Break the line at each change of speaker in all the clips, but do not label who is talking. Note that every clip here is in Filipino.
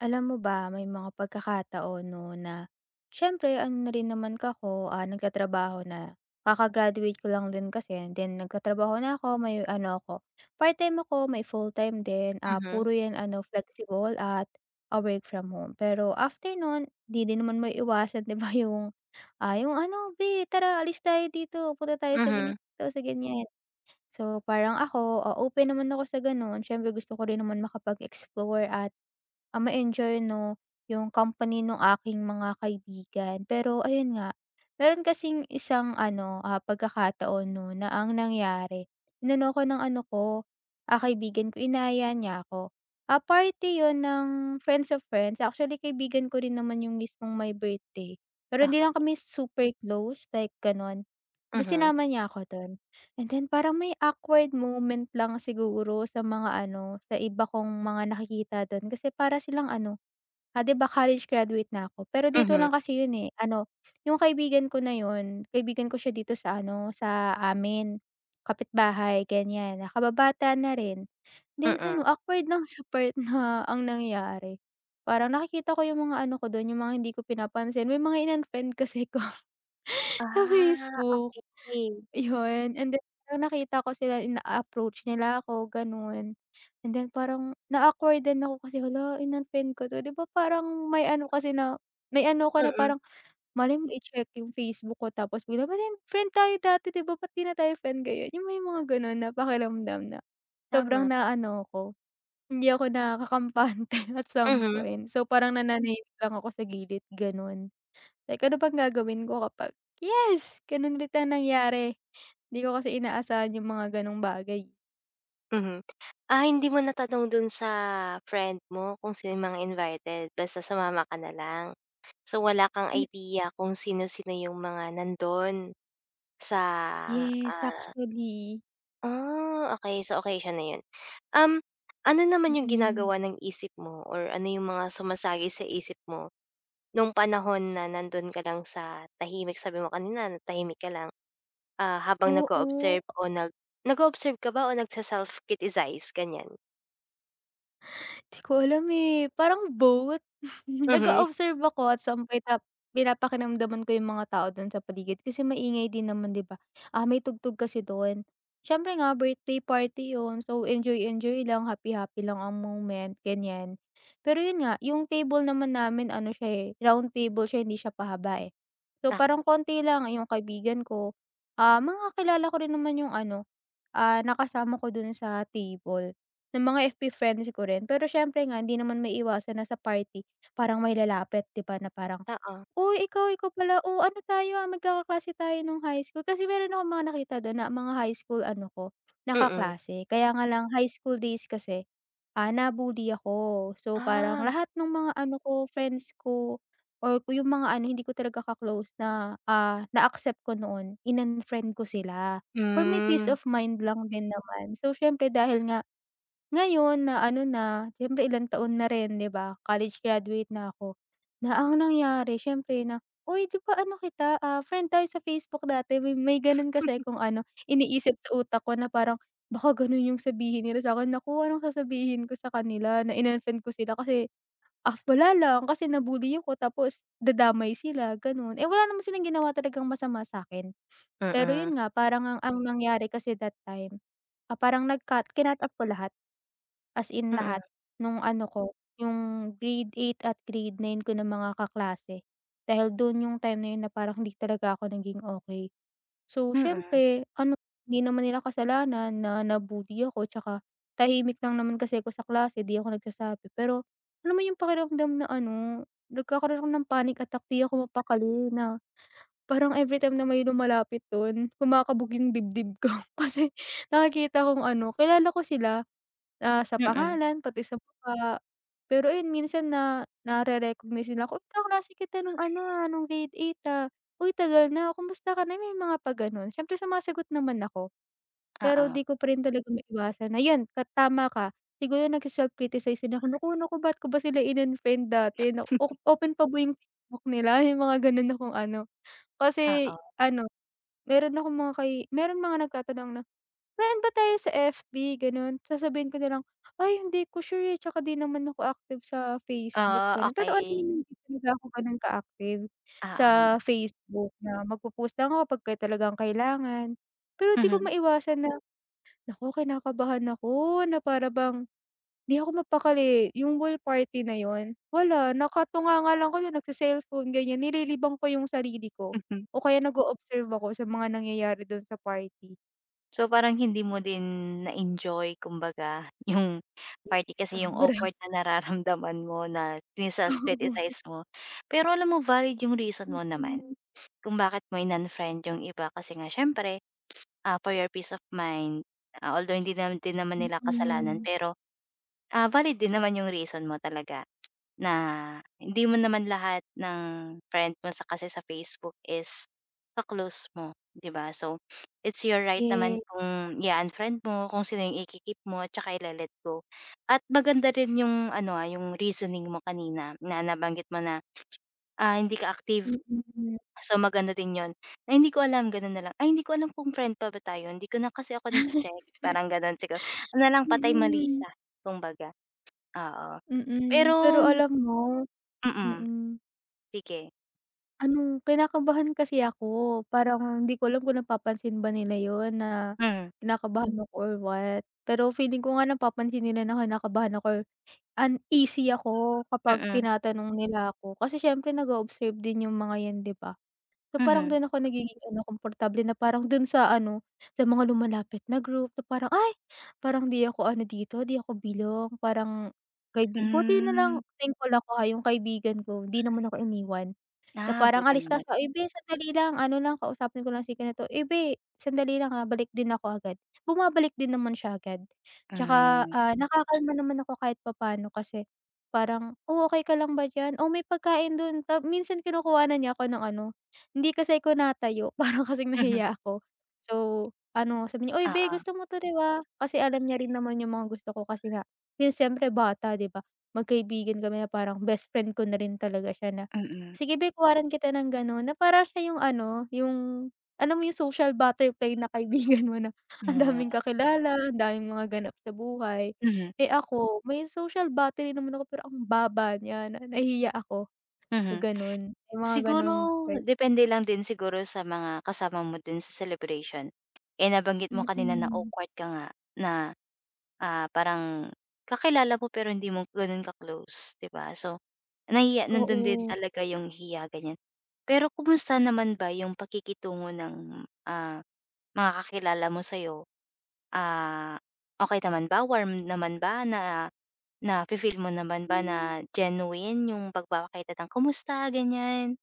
Alam mo ba, may mga pagkakataon 'no, na siyempre, ano na rin naman ako, ah, nagtatrabaho na, kaka-graduate ko lang din kasi and then nagtatrabaho na ako, may ano ako, part-time ako, may fulltime din. Ah,
Mhm.
puro yun ano flexible at ah, work from home. Pero after nun, 'di din naman maiiwasan 'di ba yung, ah, yung ano, "Be tara alis tayo dito, punta tayo sa ganito
Mhm.
sa ganyan." So parang ako, ah, open naman ako sa ganon. Siyempre, gusto ko rin naman makapag-explore at ah, ma-enjoy 'no, yung company nung aking mga kaibigan. Pero ayun nga, meron kasing isang ano, ah, pagkakataon 'no na ang nangyari inano ako ng ano ko ah, kaibigan ko inaya niya ako. Ah, parte yun ng friends of friends. Actually, kaibigan ko rin naman yung mismong may birthday pero 'di lang
Okey.
kami super close like ganon. Di
Mhm.
sinama niya ako dun and then, parang may awkward moment lang siguro sa mga ano, sa iba kong mga nakikita dun kasi para silang ano, ah, 'di ba college graduate na ako, pero dito
Mhm.
lang kasi yun eh. Ano yung kaibigan ko na yun, kaibigan ko siya dito sa ano, sa amin, kapitbahay ganyan na kababata na rin. Then
Mm.
ano, awkward lang sa part na ang nangyari, parang nakikita ko yung mga ano ko dun, yung mga hindi ko pinapansin. May mga in-unfriend kasi ako sa
Ah,
Facebook,
okey.
'yon. And then, nung nakita ko sila, ina-approach nila ako ganon and then parang na-awkward-an ako kasi, "Hala in-unfriend ko 'to." 'Di ba parang may ano kasi na may ano ako na
Mm.
parang malay mo i-check yung Facebook ko tapos, [unintelligible] friend tayo dati 'di ba, ba't 'di na tayo friend ngayon? Yung may mga ganon na pakiramdam na sobrang
Tama.
naaano ako, hindi ako nakakampante at some
Mhm.
point. So parang nananahimik lang ako sa gilid ganon. Like, ano bang gagawin ko kapag, yes ganun ulit ang nangyari? 'Di ko kasi inaasahan yung mga ganong bagay.
Mhm. Ah, hindi mo natanong dun sa friend mo kung sino yung mga invited, basta sumama ka na lang? So, wala kang
Hmm
idea kung sino-sino yung mga nandun sa,
Yes
ah
actually.
Ah, okey so okey siya na yun. Ano naman yung
Mm.
ginagawa ng isip mo or ano yung mga sumasagi sa isip mo, nung panahon na nandoon ka lang sa tahimik sabi mo kanina na tahimik ka lang, ah, habang
Oo.
nag-o-observe o nag nag-o-observe ka ba o nag-se-self-criticize, ganyan?
'Di ko alam eh, parang both,
Mhm.
nag-o-observe ako at pina-pakiramdaman ko yung mga tao dun sa paligid kasi maingay din naman 'di ba, ah, may tugtog kasi dun, siyempre nga birthday party yun so enjoy-enjoy lang happy-happy lang ang moment ganyan. Pero yun nga yung table naman namin ano siya, eh, round table siya hindi siya pahaba, eh. So parang
[unintelligible]
konti lang yung kaibigan ko, ah, makakilala ko rin naman yung ano, ah, nakasama ko dun sa table ng mga fb friends ko rin pero siyempre nga hindi naman maiiwasan na sa party parang may lalapit 'di ba, na parang,
Oo.
uy ikaw, ikaw pala, oh, ano tayo ang magkakaklase tayo nung high school kasi meron akong mga nakita dun na mga high school ano ko, na
Mm.
kaklase kaya nga lang high school days kasi, ah, na-bully ako so parang
Ah.
lahat nung mga ano ko friends ko or yung mga ano hindi ko talaga ka-close na, ah, na accept ko noon in-unfriend ko sila, for my peace
Hmm.
of mind lang din naman so siyempre dahil nga, ngayon na ano na siyempre ilang taon na rin 'di ba, college graduate na ko, na ang nangyari siyempre na 'di ba, ano kita, ah, friend tayo sa Facebook dati may ganun kasi kung ano iniisip sa utak ko na parang baka ganun yung sabihin nila sa'kin naku ano sasabihin ko sa kanila na in-unfriend ko sila kasi, ah, wala lang kasi na-bully ko tapos dadamay sila gano'n, eh, wala naman silang ginawa talagang masama sa'kin. Pero yun
Mm.
nga parang ang nangyari kasi that time, ah, parang nag kinat-up ko lahat as in
Mm.
lahat nung ano ko yung grade 8 at grade 9 ko ng mga kaklase dahil dun yung time na na parang hindi talaga ako naging okey. So
Mm.
siyempre ano hindi naman nila kasalanan na na-bully ako tsaka tahimik lang naman kasi ako sa klase 'di ako nagsasabi pero, alam mo yung pakiramdam na ano nagkakaramdam ng panic attack 'di ako mapakali na parang everytime na may lumalapit dun kumakabog yung dibdib ko kasi nakikita kong ano kilala ko sila, ah, sa
Mm.
pangalan pati sa mukha. Pero ayun minsan na na-re-recognize sila kung kaklase kita nung ano ah, nung grade 8 ah, uy tagal na kamusta ka na may mga pag gano'n siyempre sumasagot naman ako. Pero
Oo.
'di ko pa rin talaga maiwasan na 'yan tama ka, siguro nag-se-self-criticize din ako nako nako ba't ko ba sila in-unfriend dati na open pa yung Facebook nila yung mga ganun na kung ano kasi
Oo.
ano, meron akong mga kay meron mga nagtatanong na friend ba tayo sa fb ganun sasabihin ko na lang ay hindi ko sure eh tsaka 'di naman ako active sa Facebook
Ah,
gano'n, totoo
okey.
hindi talaga ako gano'n ka-active sa
Oo.
Facebook na mag-po-post ko kapag talagang kailangan. Pero 'di ko
Mhm.
maiwasan na naku kinakabahan ako na para bang, 'di ako mapakali yung ball party na yun, wala nakatunganga lang ko dun nag-ce-cellphone ganyan nililibang ko yung sarili ko
Mhm.
o kaya nag-o-observe ako sa mga nangyayari dun sa party.
So, parang hindi mo din na-enjoy kumbaga yung
Hmm,
party kasi yung
sobra.
awkward na nararamdaman mo na
Oo.
sine-self criticize mo. Pero alam mo valid yung reason mo naman
Mhm.
kung bakit mo in-unfriend yung iba kasi nga siyempre ah, for your peace of mind, a although hindi din naman nila kasalanan
Mhm.
pero, ah, valid din naman yung reason mo talaga na hindi mo naman lahat ng friend mo kasi sa Facebook is ka-close mo, 'di ba. So, it's your right naman
Eh.
kung i-a-unfriend mo kung sino yung iki-keep mo at 'tsaka ile-let go at maganda rin yung ano, ah, yung reasoning mo kanina na nabanggit mo na, ah, hindi ka active,
Mhm.
so, maganda din 'yun, ay hindi ko alam, gano'n na lang ay hindi ko alam kung friend pa ba tayo hindi ko na kasi ako
Ay,
nagche-check, parang gano'n siguro, ano lang patay
mm.
malisya kumbaga, oo,
Mm, pero
pero
alam mo,
Mm,
mm.
sige.
Anong kinakabahan kasi ako parang hindi ko alam kung napapansin ba nila 'yon na
Mm.
kinakabahan ako or what pero feeling ko nga napapansin nila na kinakabahan ako or uneasy ako kapag
Mm.
tinatanong nila 'ko kasi siyempre nag-o-observe din yung mga 'yan, 'di ba. So, parang
Mhm.
do'n ako nagiging ano komportable na parang do'n sa ano sa mga lumalapit na group na parang, ay! parang hindi ako ano dito 'di ako belong parang kaibi buti na lang
Hmm.
thankful ako ha yung kaibigan ko 'di naman ako iniwan na
Ah,
parang
buti
alis lang
naman.
siya, "uy beh! sandali lang ano lang kausapin ko lang si ganito," "uy beh! sandali lang ha balik din ako agad," bumabalik din naman siya agad 'tsaka,
Hmm.
ah, nakakalma naman ako kahit pa pa'no kasi parang, oh, okey ka lang ba diyan o may pagkain don tapos minsan kinukuhan niya ako ng ano hindi kasi ako natayo para kasing
Mhm.
nahiya ako. So, ano sabi niya, "uy, beh!
Oo.
gusto mo 'to, 'di ba?" Kasi alam niya rin naman yung mga gusto ko kasi nga yung siyempre bata, 'di ba, magkaibigan kami na parang best friend ko na rin talaga siya na,
Mhm.
sige beh, kuhanan kita ng gano'n na parang siya yung ano yung alam mo yung social butterfly na kaibigan mo na ang daming
Na.
kakilala ang daming mga ganap sa buhay.
Mhm.
Eh, ako may social battery naman ako pero ang baba niya na nahihiya ako yung,
Mhm,
gano'n yung mga
siguro,
gano'ng vibe.
depende lang din siguro sa mga kasama mo din sa celebration, eh, nabanggit mo kanina na
Mhm.
awkward ka nga, na, ah, parang kakilala mo pero hindi mo ganon ka-close, 'di ba, so, nahiya nandon din
Oo.
talaga yung hiya gan'yan. Pero kumusta naman ba yung pakikitungo ng, ah, mga kakilala mo sa'yo? Ah, okey naman ba, warm naman ba, na nafi-feel mo naman ba
Hmm.
na genuine yung pagpapakita ng, kumusta gan'yan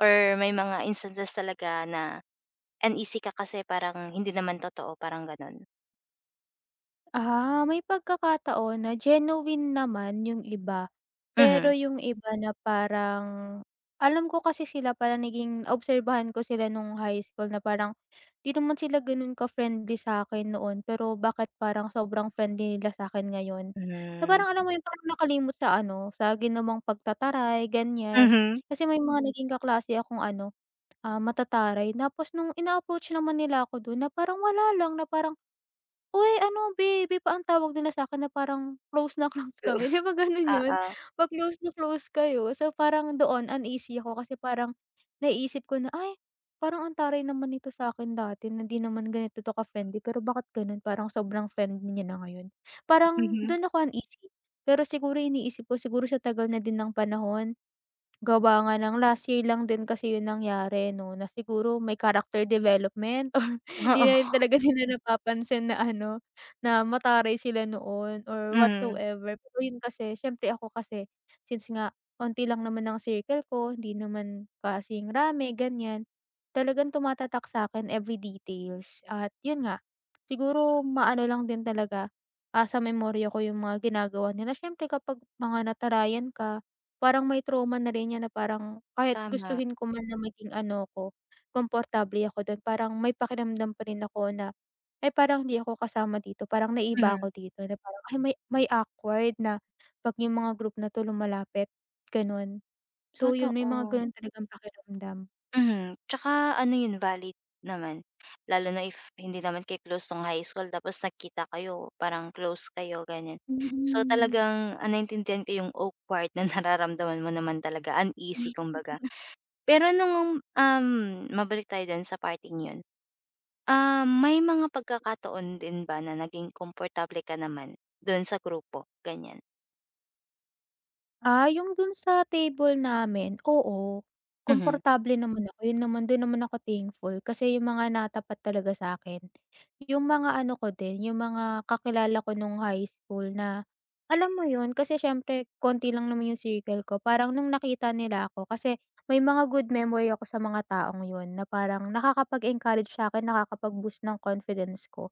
or may mga instances talaga na uneasy ka kasi parang hindi naman totoo, parang gano'n?
Ah, may pagkakataon na genuine naman 'yung iba, pero
Mhm.
'yung iba na parang alam ko kasi sila pala, naging obserbahan ko sila noong high school na parang hindi naman sila gano'n ka-friendly sa'kin noon, pero bakit parang sobrang friendly nila sa'kin ngayon? Na
Hmm.
parang, alam mo 'yung parang nakalimot sa ano, sa ginawang pagtataray, ganiyan?
Mhm.
Kasi may mga naging kaklase akong ano, ah, matataray. Tapos noong ina-approach naman nila ako dun na parang wala lang, na parang, "Uy, ano," baby pa ang tawag nila sa'kin na parang close na close kami. 'Di
Beus
ba gano'n 'yon,
oo.
'pag close na close kayo, so parang doon, uneasy ako kasi parang naiisip ko na, "Ay, parang ang taray naman nito sa'kin dati na 'di naman 'to ganito ka-friendly, pero bakit gano'n, parang sobrang friendly niya na ngayon?" Parang
Mhm.
doon ako uneasy. Pero siguro iniisip ko, siguro sa tagal na din ng panahon, gawa nga ng last year lang din kasi 'yung nangyari 'no, na siguro may character development or 'di
Oo.
na rin talaga nila napapansin na ano, na mataray sila noon or
Hmm.
whatsoever. Pero 'yun kasi, siyempre, ako kasi, since nga kaunti lang naman ang circle ko, hindi naman kasing rami, ganiyan, talagang tumatatak sa'kin every details. At 'yon nga, siguro maano lang din talaga, ah, sa memorya ko 'yung mga ginagawa nila. Siyempre, kapag mga natarayan ka, parang may trauma na rin 'yan, na parang kahit
Tama.
gustuhin ko man na maging ano ko, komportable ako do'n, parang may pakiramdam pa rin ako na, "Eh, parang hindi ako kasama dito, parang naiiba
Mhm.
ako dito." Na parang, ah, may may awkward na 'pag 'yung mga group na 'to lumalapit, gano'n. So 'yon, may mga
Totoo.
gano'n talagang pakiramdam.
Mhm, 'tsaka ano 'yun valid naman, lalo na if hindi naman kayo close nung high school tapos nagkita kayo parang close kayo ganiyan. So
Mm.
talagang, ah, naintindihan ko 'yung awkward na nararamdaman mo naman talaga, uneasy kumbaga. Pero nung um, mabalik tayo din sa parteng 'yon. Ah, may mga pagkakataon din ba na naging komportable ka naman dun sa grupo, ganiyan?
Ah, 'yung dun sa table namin, oo
Mhm.
komportable naman ako, 'yun naman dun naman ako thankful, kasi 'yung mga natapat talaga sa'kin, 'yung mga ano ko din, 'yung mga kakilala ko nung high school na, alam mo 'yun, kasi siyempre konti lang naman 'yung circle ko, parang nung nakita nila ako, kasi may mga good memory ako sa mga taong 'yun na parang nakakapag-encourage sa'kin, nakakapag-boost ng confidence ko.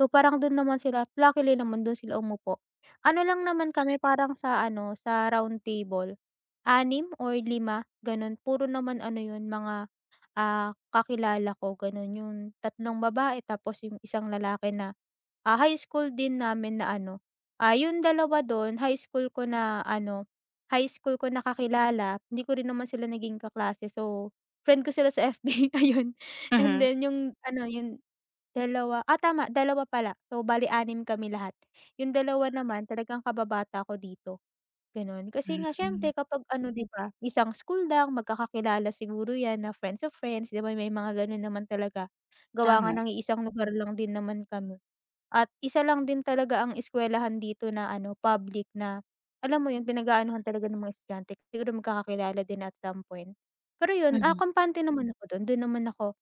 So parang dun naman sila at luckily naman dun sila umupo. Ano lang naman kami, parang sa ano sa round table, 6 or 5 ganun puro naman ano 'yun mga, ah, kakilala ko ganun 'yung tatlong babae tapos 'yung isang lalaki na, ah, high school din namin na ano, ah, 'yung 2 don high school ko na ano, high school ko na kakilala hindi ko rin naman sila naging kaklase so friend ko sila sa FB ayun and
Mhm.
then 'yung ano 'yung 2 ah, tama 2 pala, so bale 6 kami lahat. 'Yung 2 naman talagang kababata ko dito, gano'n. Kasi nga siyempre
[unintelligible]
kapag ano 'di ba, isang school lang, magkakakilala siguro 'yan na friends of friends 'di ba may mga gano'n naman talaga, gawa nga
Tama.
ng iisang lugar lang din naman kami at 1 lang din talaga ang eskuwelahan dito na ano public na, alam mo 'yun pinag-aanuhan talaga ng mga estudyante, siguro magkakakilala din at some point. Pero 'yun, ah,
Mhm.
kampante naman ako do'n, dun naman ako,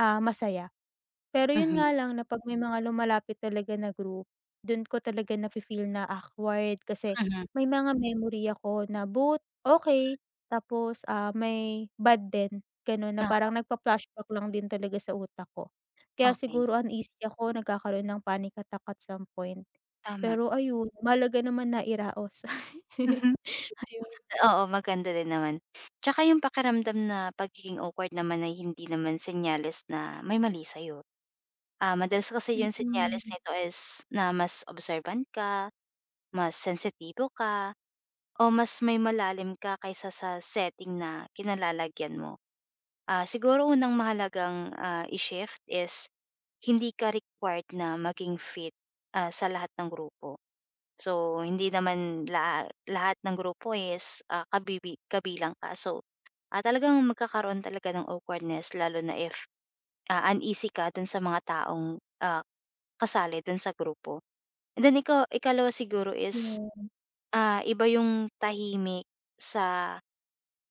ah, masaya. Pero 'yun
Mhm.
nga lang na 'pag may mga lumalapit talaga na group, dun ko talaga na fe-feel na awkward, kasi
Mhm.
may mga memory ako na both okey tapos, ah, may bad din gano'n na
Oo.
parang nagfla-flashback lang din talaga sa utak ko. Kaya
Okey.
siguro uneasy ako, nagkakaroon ng panic attack at some point,
Tama.
pero ayun mahalaga naman nairaos.
Mhm.
Ayun.
Oo, maganda din naman, 'tsaka 'yung pakiramdam na pagiging awkward naman ay hindi naman senyales na may mali sa'yo, ah, madalas kasi 'yung senyales
Mm.
nito is, na mas observant ka, mas sensitibo ka, o mas may malalim ka kaysa sa setting na kinalalagyan mo. Ah, siguro unang mahalagang, ah, i-shift is hindi ka required na maging fit, ah, sa lahat ng grupo. So hindi naman lahat lahat ng grupo is, ah, kabibi kabilang ka, so, ah, talagang magkakaroon talaga ng awkwardness lalo na if, ah, uneasy ka dun sa mga taong, ah, kasali dun sa grupo, and then ikaw ikalawa siguro is,
Yeah.
ah, iba 'yung tahimik sa,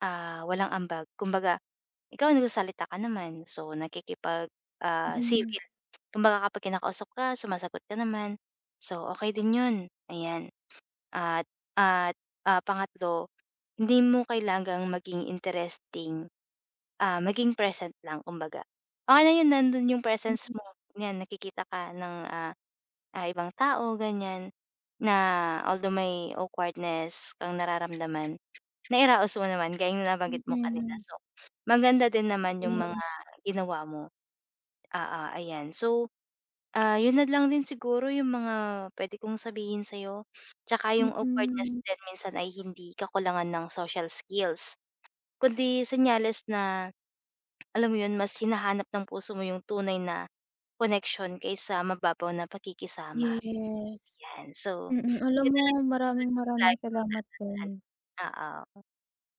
ah, walang ambag, kumbaga ikaw nagsasalita ka naman, so nakikipag, ah,
Mm.
civil, kumbaga kapag kinakausap ka sumasagot ka naman so okey din 'yun, ayan. At at, ah, pangatlo hindi mo kailangang maging interesting, ah, maging present lang kumbaga. Okey na 'yun, nandun 'yung presence
Mm.
mo, 'yan nakikita ka ng, ah ah ibang tao ganiyan, na although may awkwardness kang nararamdaman, nairaos mo naman gaya ng nabanggit mo kanina,
Mm.
so maganda din naman 'yung mga
[unintelligible]
ginawa mo. Oo, ayan. So, ah, 'yun na lang din siguro 'yung mga puwede kong sabihin sa'yo 'tsaka 'yung awkwardness
Mm.
din minsan ay hindi kakulangan ng social skills, kundi senyales na alam mo 'yun, mas hinahanap ng puso mo 'yung tunay na connection kaysa mababaw na pakikisama,
Yes,
'yan. So,
mm, alam
'yun
mo
na lang siguro
maraming
'yung
maraming
lagi
salamat din.
mong tatandaan, oo.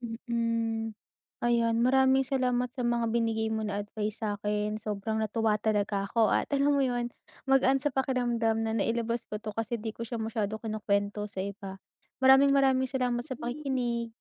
Mm, ayan maraming salamat sa mga binigay mo na advice sa'kin, sobrang natuwa talaga ako at alam mo 'yun magaan sa pakiramdam na nailabas ko 'to kasi 'di ko siya masyado kinukuwento sa iba. Maraming maraming salamat sa
[unintelligible]
pakikinig.